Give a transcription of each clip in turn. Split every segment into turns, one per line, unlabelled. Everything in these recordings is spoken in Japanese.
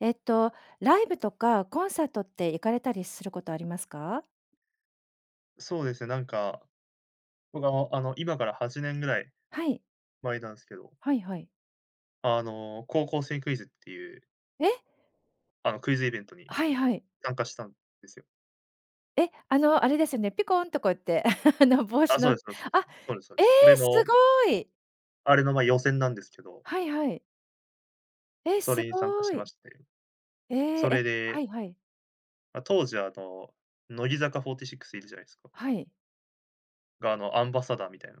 えっと、ライブとかコンサートって行かれたりすることありますか？
そうですね、なんか、僕、ああの、今から8年ぐらい
はい。
前なんすけど
はいはい。
あの、高校生クイズっていう
え。
あの、クイズイベントに
はいはい。
参加したんですよ。
え、あの、あれですよね。ピコンとこうやって、あの、帽子
あ、そ
の
うです。そうそうそ
あ、
う。そうですそうで
ええ、
す。それ
す
の
ごい
あれの、まあ、予選なんですけど
はいはい。え、
そ
す
れに参加
ご
しま
い。
して。
ええ、
それ
え、は
で
いはい。
ま、当時は、あの、乃木坂46いるじゃないですか？
はい。
が、あの、アンバサダーみたいな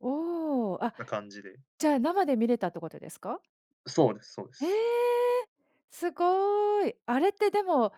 おお、あ、
な、感じで
じゃあ、生で見れたってことですか？
そうですそうで
へえ、
す。
すごい。あれって、でも、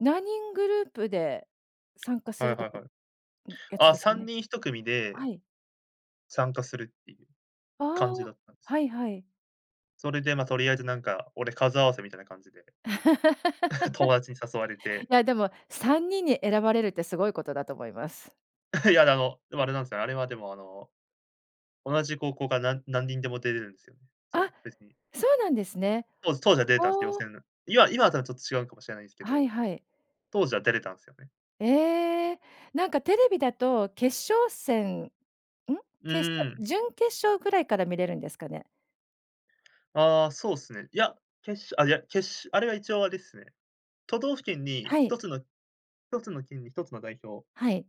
何人グループで参加す
はい
ると
はい
か
は
ん、
い。
やつ
あ、
です
さん
ね。
にん1組
は
で
い。
参加するっていう
あ
感じだ
あ、
ったんです
は
よ。
いはい。
それで、ま、とりあえず、なんか、俺、数合わせみたいな感じで、友達に誘われ て
いや、でも、3人に選ばれるって、すごいことだと思います。
いや、あの、でも、あれなんすよ。あれは、でも、あの、同じ高校が、なん何人でも出れるんすよ。そう、
あ、
別に。
そうなんですね。
当時当時は出れ
あ
たんす、よ
あ。
せぬ。今今とは、ちょっと違うかもしれないんすけ
はい
ど、
はい。
当時は出れたんすよね。
ええ、なんかテレビだと決勝戦、うん、
う
決勝
ーん。
準決勝ぐらいから見れるんですかね？
ああ、そうっすね。いや、決勝あ、いや、けっしゅあれは一応あれすね、都道府県に、
は
ひ
い。
とつの1つの県に1つの代表
はい。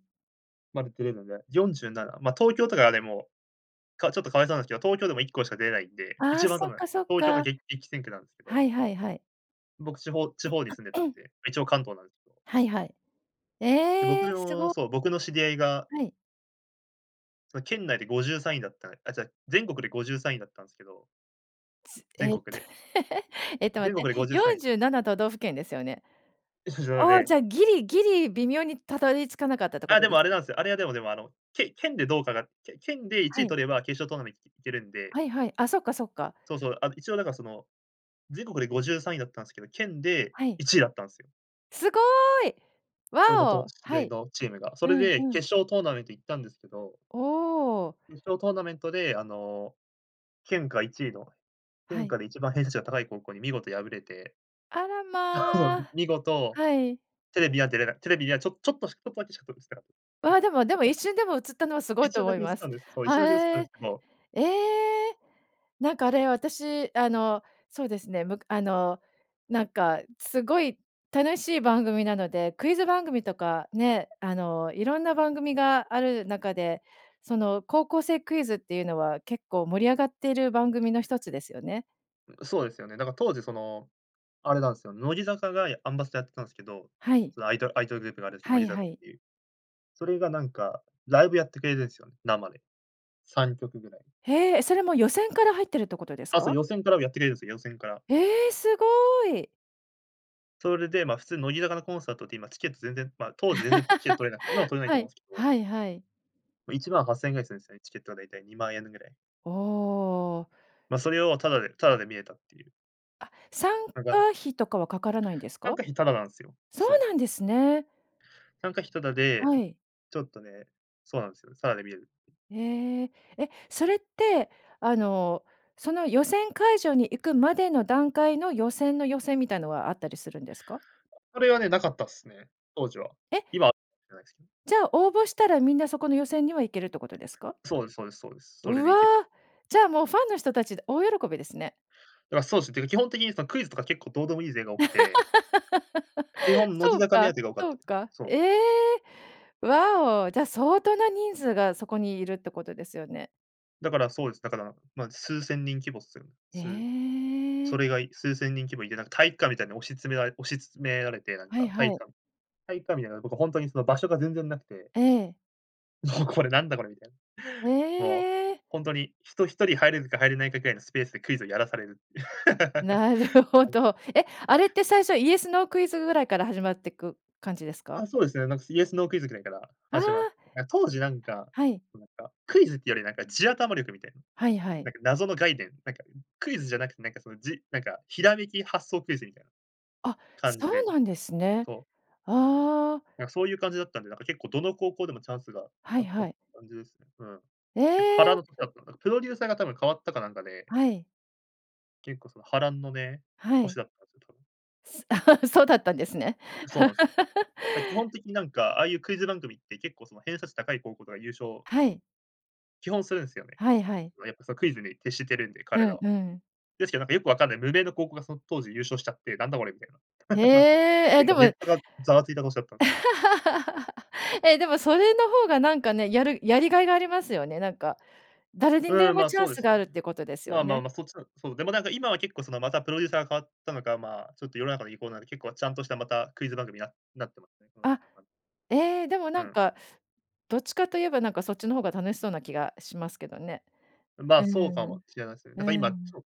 まで出れるんで、47、まあ、東京とか、でも、かちょっと可哀そうなんすけど、東京でも1校しか出れないんで、
あ
一
あ、
番
そ
た
っ
ぶん、
かそっ
東京が、
か。
げ激戦区なんすけ
は
ど。
いはいはい。
僕、地方地方に住んでたん で、一応関東なんすど。
はいはい。
で、僕
ええ、す
の
ご。
そう、僕の知り合いが
はい。
その、県内で53位だったあ、ちゃ、全国で53位だったんすけど。
つえ、
全国で
えっと、待
全
って。
国でごじゅうさ
よ
ん
ん
い。
じゅうなな都道府県ですよね？
いしょしょう
ああ、
ね。
じゃあ、ギリギリ微妙にたどり着かなかったってこ
あ、
と
で
で
も、あ
す
れな
か？
んすよ。あれは、でもでも、あの、け県でどうかがけ県でい
は
ちい
い。
取れば、決勝トーナメンいけいけるんで。
はいはい。あ、そっかそっか。
そうそう、あの、一応なんか、その、全国で53位だったんすけど、県で
はい。
1位だったんすよ。
すごい！
俺の
わ
と
お、
世
は
代
い。
のチームが。それ
うん、
で
うん。
決勝トーナメント行ったんですけど
おお。
決勝トーナメントで、あの、県下1位の、
は
県
い。
下で一番偏差値が高い高校に見事敗れて。
あら、
そうそ
ま
う、
あ、
見事、
はい。
テレビは出れない、テレビには、ちょちょっとしちょっとだけしかとれすなかっ
わ、でもでも、
た。
一 瞬でも映ったのは、すご
一
いと
瞬だ
思い
け映っ
ま
た
す。
んです。そう、一
は、
瞬だけ映ったんす
え。
けど。
ええ。なんかあれ、私、あの、そうですね、むかあの、なんかすごい楽しい番組なので、クイズ番組とかね、あの、いろんな番組がある中で、その高校生クイズっていうのは、結構盛り上がってる番組の一つですよね。
ん、そうですよね。だから当時その、あれなんすよ。乃木坂が、やアンバサダーやってたんですけど、
はい。
そのアイドルアイドルグループがあるんす、
は
乃
い
木
は
坂っ
い。
ていう。それがなんか、ライブやってくれるんすよね、生で。3曲ぐらい。
へえ、それもう、予選から入ってるってことです
あ、そう、
か？
予選からもやってくれるんすよ、予選から。
ええ、すごい！
それで、ま、普通乃木坂のコンサートって今チケット全然、まあ、当時全然チケット取れない今も 取れないと
は
思う
い。
んすけど。
はいはい。
18,000円ぐらいするんすよね。チケットは大体20,000円ぐらい。
ああ。
ま、それをタダでタダで見えたっていう。
あ、参加
タダ。
費とかはかからないんです
参
か？
加費タダなんすよ。
そう
そう。
なんですね。
参加費タダで、
はい。
ちょっとね、そうなんすよ。タダで見れる。
ええ。え、それってあの、その予選会場に行くまでの段階の、予選の予選みたいのはあったりするんですか？
それはね、なかったっすね、当時は。
え。
今はしれないすけど。
じゃあ、応募したらみんなそこの予選には、行けるってことですか？
そうですそうですそうです。それ
う
で行けた。
わ。じゃあ、もうファンの人たちで大喜びですね。
だからそうすね、っていうか、基本的にそのクイズとか結構どうでもいい勢が多くて。基 本乃
そ
木
う
坂目当
か
てが多かっ
そ
た
う
で
か。
そう。
ええ。わお、じゃあ相当な人数がそこにいるってことですよね。
だから、そうです。だから、まあ、数千人規模っすよ。す、
ええ。
それが、い数千人規模いて、なんか、体育館みたいに押し詰められ押し詰められて、なん
はい
か、体
はい。
育館体育館みたいなとこ、ほんとにその場所が全然なくて。
ええ。
おお、これ、なんだこれ、みたいな。もう、
ええ。
ほんとに人1人入れるか入れないかぐらいのスペースでクイズをやらされる。はい。
なるほど。え、あれって最初、イエス・ノークイズぐらいから始まっていく感じですか？
あ、そうですね。なんか、イエス・ノークイズぐらいから
あ
始まっ
あ。
な当時なんか
はい。
なんか、クイズっていうより、なんか、地頭力みたいな。
はいはい。
なんか、謎の概念、なんか、クイズじゃなくて、なんか、その、じなんか、ひらめき発想クイズみたいな。
あ、
感
そ
じ
う
で、
なんですね。
そう。
ああ。
なんか、そういう感じだったんで、なんか、結構どの高校でもチャンスが
は
あ
い
った
はい。
感じですね。うん。
え
結構波乱
え。
の年だったのかな。プロデューサーが多分変わったかなんかで
はい。
結構その、波乱のね、
は
年
い。
だったんですよ。
そうだったんですね。
そうなんすよ。ま、基本的になんか、ああいうクイズ番組って、結構その偏差値高い高校とか優勝
はい。
基本するんすよね。
はいはい。
やっぱ、その、クイズに徹してるんで、
う
彼ら
ん
は。
うん。
ですけど、なんか、よく分かんない、無名の高校がその当時優勝しちゃって、なんだこれみたいな。
へ
なんか、
え、
て
え、
いう
で
か、ネ
も
ットがざわついた年だったんすよ。
え、でも、それの方がなんかね、やるやりがいがありますよね。なんか、誰にで
うん。ま
も
あ、
チャ
そ
ン
うで
ス
す
があ
よ
る
ね。
っていうことですよ
まあまあ
ね。
まあ、そっちの、そう、でも、なんか、今は結構、その、また、プロデューサーが変わったのか、まあ、ちょっと世の中の意向なんで、結構ちゃんとした、また、クイズ番組に、ななってますね。そういう、
あ、
はい。
ええ。でも、
う
なん
ん。
か、どっちかといえば、なんか、そっちの方が楽しそうな気がしますけどね。
ん、ま
う
あ、
ー
そうか
ん。
もしれないすね。
う
だから、
ー
今ち
ん。
ょっ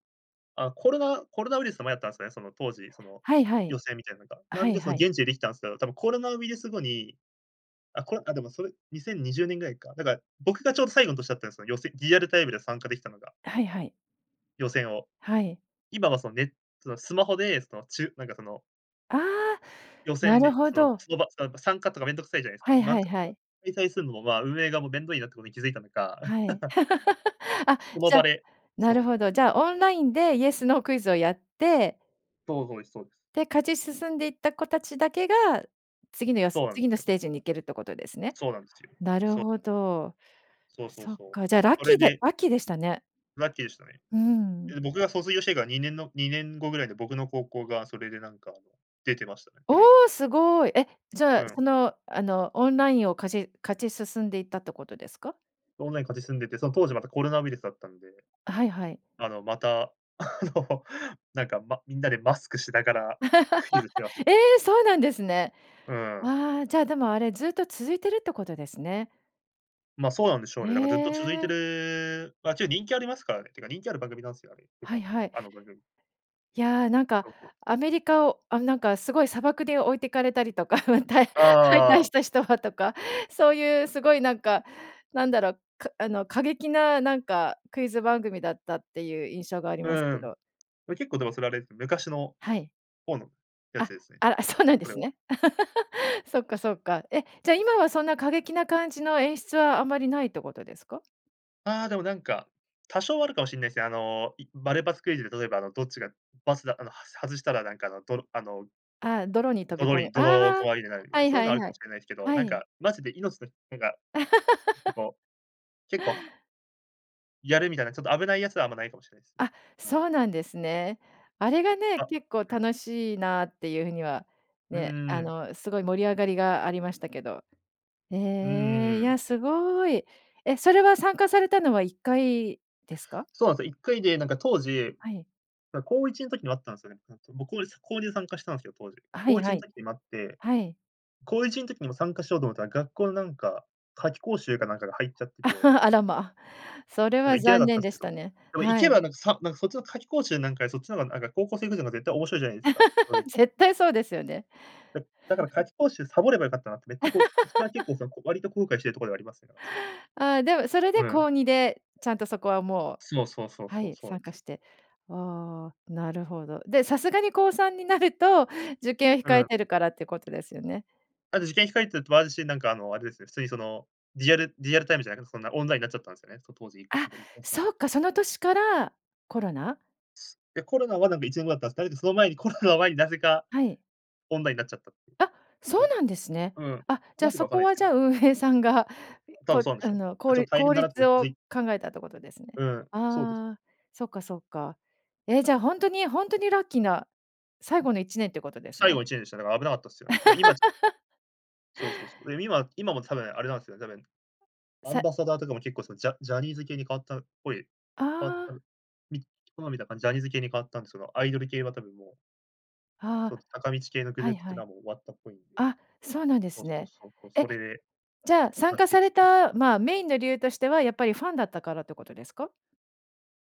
あ、コロナコロナウイルスの前だったんすよね。その当時、その、
はいはい。
予選みたいなんか。な
は
ん
い
で、その、
はい。
現地でできたんすけど、多分コロナウイルス後に、あ、こ、あ、でも、それ、2020年ぐらいか。だから、僕がちょうど最後の年だったんですよ、よせリアルタイムで参加できたのが。
はいはい。
予選を、
はい。
今はそのね、そのスマホで、そのちゅなんかその
あ、
予
な
選
る
で、
ほ
その
ど。
その場、そ、なんか、参加とかめんどくさいじゃないす
は
か。
い
なん
はい
か、
は
いや、
い。
開催するのも、ま、運営がもう、めんどいなってことに気づいたのか。
はい。あ、
その
じ
場
ゃ
で
な
そ
る
う。
ほど。じゃあ、オンラインでイエスノークイズをやって
そう、そうえす、そうです。
で、勝ち進んでいった子たちだけが、次のよす
そうなん
次
す
の
よ。
ステージに行けるってことですね？
そうなんすよ、
なる
そう。
ほど。
そうそう
そっ
そう。
か、じゃあ、ラッ
そ
キ
れ
ーで
で
ラッキーでしたね。
ラッキーでしたね。
うん。
え、僕が卒業してから2年の2年後ぐらいで僕の高校がそれでなんか、あの、出てましたね、テレビ。
お、すごい。え、じゃ
う
あ、そ
ん。
の、あの、オンラインを勝ち勝ち進んでいったってことですか？
オンライン勝ち進んでって、その当時またコロナウイルスだったんで、
あ、はいはい。
あの、また、あのなんかまみんなでマスクしながら、クイズせわした。
え！そうなんですね。
うん。
あ、じゃあ、でもあれずっと続いてるってことですね。
ま、そうなんでしょう
へ
ね。だからずっと続いて
え。
る、ま、けど人気ありますからねっていうか人気ある番組なんすよ、あれ。基
はい
本、
はい。
あの番組。
いや、なんか
そうそう。
アメリカを、あ、なんかすごい砂漠で置いてかれたりとか、ま、たい敗退
あ
し
あ。
た人はとか、そういうすごいなんか、なんだろう、かあの過激な、なんかクイズ番組だったっていう印象があり
う
ます
んう
け
ん。
ど。
う結構でもそれあれ、昔の
はい。
ほうのやつ
あ、
ですね。
あ、そうなんで
それ
す
は。
ね。そっかそっか。え、じゃあ、今はそんな過激な感じの演出はあまりないってことですか？
ああ、でも、なんか、多少はあるかも知んないす。あの、いマルバツクイズで、例えばあの、どっちが、バスだ、あの、はす外したらなんか、あの、どろあの
ああ、泥に飛び
泥
込む。
に、泥
あ
こ
あ、
わりになる、みたい
は
な。
い
そういう
は
のは、あ
い
るか
は
も
い。
知れないですけど、
は
なん
い。
か、マジで、命のなんか、ちょっと こう、結構はやるみたいな。ちょっと、危ないやつは、あんまないかも知れないすね。
あ、
うん。
そうなんですね。あれがね、
あ
結構、
うん。
楽しいなっていう風には
う
ね、あ
ん。
の、すごい盛り上がりがありましたけど。へ
う
え、いや、
ん。
すごい。え、それは、参加されたのは、1回ですか？
そうなんすよ。1回、で、なんか当時、
はい。
な、高1ん時にもあったんすよね。ふん、そう僕を、え、す高2で参加したんすよ、当時。
は
こ
い
ういち
は
ん
い。
時にもあって。
はい。
高1の時にも、参加しようと思ったら、学校のなんか、夏期講習かなんかが入っちゃってて。
あらま。それ
だから、
は、
行けな
残
かっ
念
たす
で
け
し
ど。
たね。
でも、行
は
け
い。
ばなんか、さなんか、そっちの夏期講習なんかより、そっちのが、なんか、高校生クイズのが、絶対面白いじゃないすか？うん。
絶対そうですよね。
うん、だから、夏期講習サボればよかったなって。めっちゃ、こう一番結構、その、こ割と後悔してるところでは、ありますね。だから、そう。
ああ、でも、それで、
うん。
高2で。ちゃんと、そこは、もう
そうそうそう
は
そう
い、
そうえ
参加
す。
して。ああ、なるほど。で、さすがに、高3になると、受験を
う
控え
ん。
てるからってことですよね。
あと、受験控えてるってもあるし、なんか、あの、あれですね。普通にその、リアルリアルタイムじゃないけど、そんな、オンラインなっちゃったんすよね。そう当時。
あ、
なんか移行した。
そっか、その年から、コロナ？
すや、コロナは、なんか、1年後だったん。だれど、その前に、コロナの前に、なぜか、
はい。
オンラインになっちゃったっていう。
あ、そう
そ
なんですね。
う。うん。
あ、じゃ
な
あ、
んで
そ
か、分かん
こ
ないす
は、
け
じ
ど。
ゃあ、運営さんが、い
多分、
こ
そうなんで
あ
しょうね。
の、こう
ちょっ
り
と、大
効
変だなも
率
い気
を
づい
考えたってことですね。
うん、そうです。
ああ、そっかそっか。え、じゃあ、ほんとにほんとにラッキーな最後の1年ってことです
最
ね。
後の1年でした。なんか、危なかったっすよね。だから今ちょ そうそうそう。で、今今も多分、あれなんすよね、多分、アン
さ
バサダーとかも、結構、その、ジャジャニーズ系に変わったっぽい、
あ
変わった、
あ。
みこの前見た感じ、ジャニーズ系に変わったんすけど、アイドル系は、多分もう
あ
そ
あ、
す、坂道系のグ
は
ル
い
ープって
は
いうの
い。
は、もう、終わったっぽいんで。
あ、そうなんで
そう
す
そう
ね。
そうそう。
え、
それで、
じゃあ、参
ラッ
加
キー
され
ちて。
た、まあ、メインの理由としては、やっぱり、ファンだったからってことですか？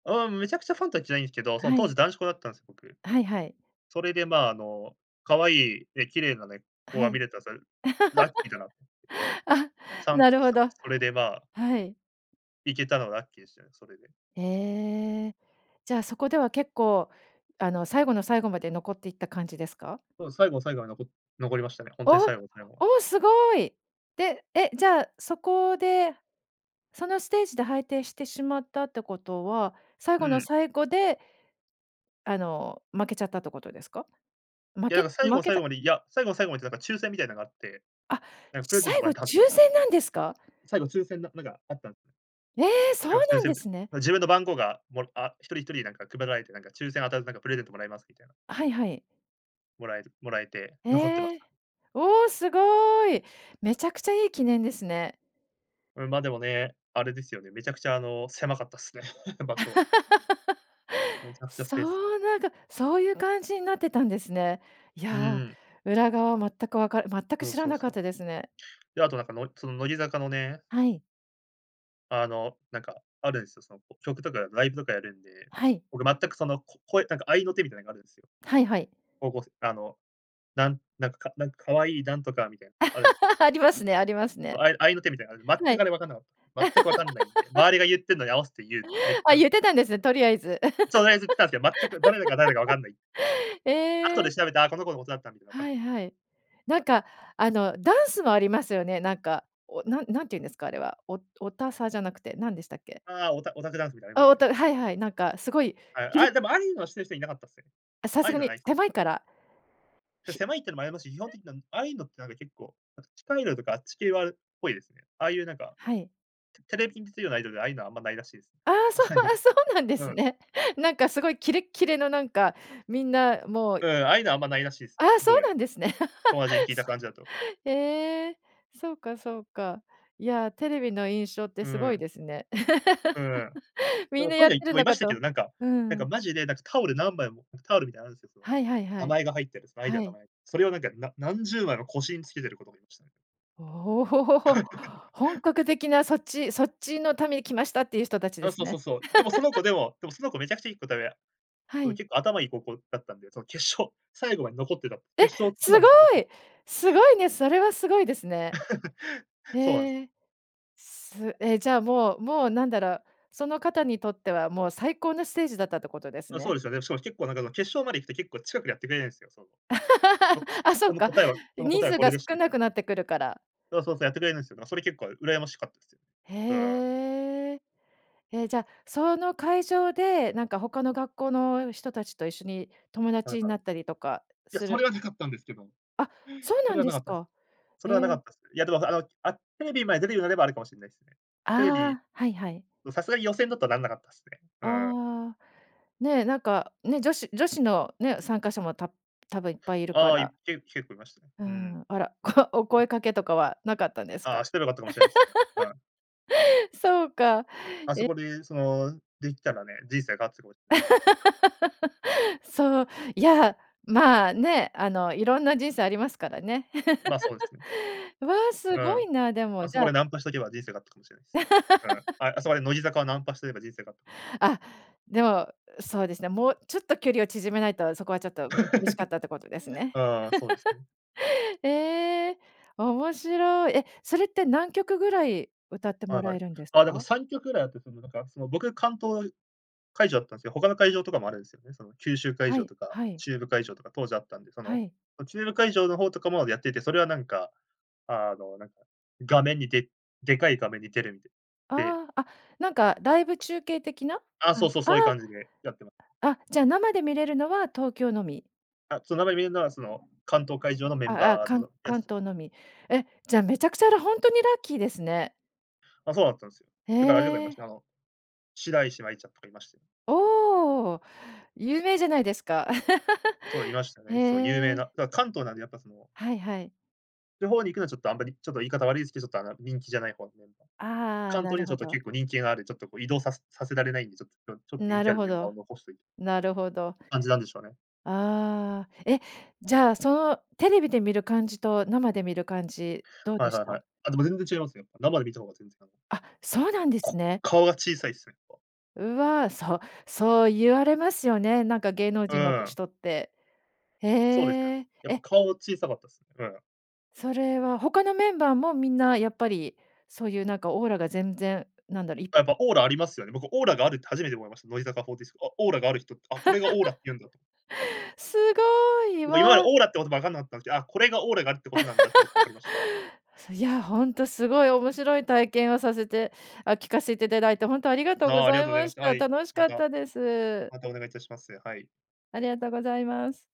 うん、めちゃくちゃファンとは、言ってないんすけど、その
は
当
い。
時、男子校だったんす、僕。
はいはい。
それで、まあ、あの、可愛い、え、綺麗なね、子
は
が見
い。
れたさる、ラッキーだな。
あ、
チャン
なるほ
さ
ど、
それで、まあ
はい。
行けたのラッキーですよね、それで。
ええ、じゃあ、そこでは、結構あの、最後の最後まで、残っていった感じですか？
そう、最後最後は、のこ残りましたね。ほんとに
おお、
最後の最後は。
お、すごい！で、え、じゃあ、そこで、そのステージで、はいてしてしまったってことは、最
う
後の
ん。
最後で、あの、負けちゃったってことですか？負
いや、
け
なか最後
負
の
け
最
た
後まで、いや、最後の最後までなんか、抽選みたいなのがあって、
あ、
なんかプレゼント
最
もら
後
え
抽
たんすよ。
選なんですか？
最後抽選ななんか、あったんすね。
ええ、そう
最後は
な
抽
ん
選
で
みたい。
すね。
も、自分の番号が、もらあ、一人一人なんか配られて、なんか抽選当たると、なんかプレゼントもらえますみたいな。
はいはい。
もらえるもらえて、残ってま
え
し
え、
た。
おお、すごい！めちゃくちゃいい記念ですね。
うん、ま、でもね、あれですよね、めちゃくちゃ、あの、狭かったっすね、場所。うげめち ゃくちゃス
そ
ペースが。
う、なんか、そういう感じになってたんですね。い
う
や、
ん。
裏側は全くわかる全く
どう、
知ら
そう
なかっ
そう。
たですね。
で、あとなんかのその乃木坂のね
はい。
あの、なんか、あるんすよ。その、ぽ曲とかライブとかやるんで、
はい。
俺、全く、その、こ声なんか合いの手みたいなのがあるんすよ。
はいはい。
こごすあの、なんなんか、かなんか、可愛いなんとか、みたいなある
ありますねあります
そ、
ね。
合い合いの手みたいなあれ、
は
全く
い。
あれわかんなかった。全く分かんないんで、周りが言ってるのに合わせて言う。めっち
あ、
ゃ
言ってたんです？とりあえず。
とりあえず言ってたんすけど、全く誰だか誰がわかんない。後
ええ。
で調べて、あ、この子のことだったみたいなわかっ
は
た
い
んす
は
よ。
い。なんか、あの、ダンスもありますよね。なんか、おな何て言うんですか？あれは。おおおたさ、じゃなくてなんでしたっけ？
ああ、オタオタクダンスみたいのありま
あ、
す
お
ね。
たはいはい。なんかすごい、
あい、
キレ
あ、でも、ああいうのは知ってる人はいなかったっすね。
あ、さ
ああ
す
いう
が
のは、
に、
ないっすね。
狭いから？
せ
ひ。
狭いっていうのもありますし、基本的な、ああいうのって、なんか、結構、なんか地下アイドルとかあっち系はっぽいですね。ああいう、なんか、
はい。
テテレビに出てるようなアイドルで、ああいうのはあんまないらしいす。
あ
あ
あ、そう、
あい
あ、
う。
そうなんで
う
す
ん。
ね。なんか、すごい、キレッキレの、なんか、みんなもう。
うん。ああいうのは、あんま、ないらしいす
あ
ね。
あ、そ
どう
う
やら。
なんですね。
友達に聞いた感じだと。
ええ、そうかそうか。いや、テレビの印象って
う
すご
ー
い
ん。
ですね。
う ーん。だか
みん
ら、
な
トイ
やっ
レ
て
行って
る
もい
の
ま
か
した
と
けど、なんか。
う
なんか、
ん。
マジで、なんか、タオル何枚もタオルみたいなのあるんすよ、その、
はいはいは
名
い。
前が入ってる、そのアイド
は
ルの
い。
名前。それをなんか、な何十枚も腰につけてる子とかいましたね。
おお、本格的なそっちそっちのために来ました、ていう人たちで
あ、
す
そうそ
ね。
うそう。でもその子 でも、でもその子、めちゃくちゃいいこたうや
は
う、
い。
結構頭いい高校だったんで、その決勝最後まで残ってた、
え、
決勝トー
凄
ナメント残
い、凄いね、それは凄いですね。
そうなんす。
ええ、すえ、じゃあもうもう、なんだろう、その方にとっては、もう最高のステージだったってことです
あ、そ
ね。
うですよね。しかも、結構なんか、あの、決勝まで行くと、結構近くでやってくれないんすよ、その、おこ
あ、そ
こ
っ
の
か、
答えはこの答
人
えは
数
これ
が
でした
少
み
な
たいな。
くなってくるから。
そうそうそう、やってくれるんすよ。だか、それ、結構羨ましかったす。うん。
へえ。え、じゃあ、その会場で、なんか、他の学校の人たちと、一緒に友
はう
達ん
は
な
う。
ったりとか
いや、
す
そ
る
れはなかったんですけど。
あ、そう
そ
な
れ
ん
は
で
なか
す
ったです。
か。
そ
へ
れはなか
え。
ったす。いや、でもあの、あ、テレビまで出るようになれば、あるかもしんないっすね。テレビ、
ああ、はいはい。
もう、さすがに予選だと、なんなかったすね。うん。
ああ、ね、なんかね、女子女子のね、参加者もた多分いっぱいいるか
ああ、
ら
いけ結構いましたね。
う
うん。
ん、あら、こお
そうす。
声かけとかはなかったんです
ああ、
か？
してれば良かったかもしれないっすね。う ん。
そうか。
あそ
え
こで、その、できたらね、人生変わってたかもしない。
そう、いや、まあね、あの、色んな人生ありますからね。
まあ、そうですね。
わ、
う
凄
ん。
いな。でも、
あ
じ
そ
ゃ
こ
あ
でナンパしとけば、人生があったかもしれないす。うん。あ、あそこで乃木坂をナンパしとけば人生変わった
あ、でも、そうですね、もうちょっと、距離を縮めないと、そこはちょっと、う厳しかったってことです ね。
ああ、そうですね。
ええ、面白い。え、それって何曲ぐらい歌って
は
も
い
ら
は
え
い。
るんです
あ、だか
か？
3曲ぐらいあって、その、なんか、その、僕、関東会場だったんすよ、他の会場とかもあるんすよね。その、九州会
は
場
い、
とか、
はい。
中部会場とか当時あったんで、そ
は
の、
い。
お中部会場の方とかもやってて、それはなんか、あの、なんか、画面にででかい画面に出るみたいで
ああ、あ、なんかライブ中継的な？
あ、
あ
そ
ん、
うそう、
あ
そういう
あ。
感じでやってま
あ、じゃあ、生で見れるのは東京のみ？
あ、そ、生で観れるのは、その、関東会場のメ
あ
ン
あああ。
バー
かん
のや
関
す。
東のみ。え、じゃあ、めちゃくちゃらほんとにラッキーですね。
あ、そうだったんすよ。
へ
だから、あれとかいまし
え。
た、あの、白石麻衣ちゃんとかいましたよ。
おお、有名じゃないですか。
そう、いまし た
へ
ね。そう、有名
え。
な、だか、関東なんで、やっぱその
はいはい。
地方に行くのはちょっとあんまり、ちょっと言い方悪いすけど、ちょっとあの、人気じゃない方のメンバー。
ああ、
関
な
東に
る
は、ちょ
ほ
っと
ど。
結構人気がある、ちょっと、こう、移動さすさせられないんで、ちょっとちょちょっと人
な
気あ
る
る
ほ
メンバー
ど、
を残しといて
なるほど。
感じなんでしょうね。
ああ、え、じゃあ、そのテレビで見る感じと、生で見る感じ、どう
は
で
い
し
はいは
た？
い。あ、でも全然違いますよ、やっぱ生で観た方が全然、あの
あ、そうなんです
こ
ね。
顔が小さいっすね、っぱ。
うわ、そうそう言われますよね。なんか芸能
う
人のく
ん。
人って。へ
そうですよね。
え。
やっぱ
え
顔小さかったすね。うん。
それは、他のメンバーも、みんなやっぱり、そういう、なんかオーラが全然、なんだろ、い
あ、やっぱオーラありますよね。僕、オーラがあるって初めて思いました。乃木坂フォーティスあ、オーラがある人って、あ、これがオーラっ て言うんだと。
凄い。わ
僕、今まで
あ。
オーラって言葉分かんなかったんすけど、あ、これがオーラがあるってことなんだってことが分かりました。
いや、ほんと凄い、面白い体験をさせてあ、聞かせて頂いて本当ありがと
あ
うご
あ、あり
ざ
が
い
とうござい
ま
まし
し
た。は
た。
い、
楽し
ま
かっ
た。
たです。
またお願いいたします、はい。
ありがとうございます。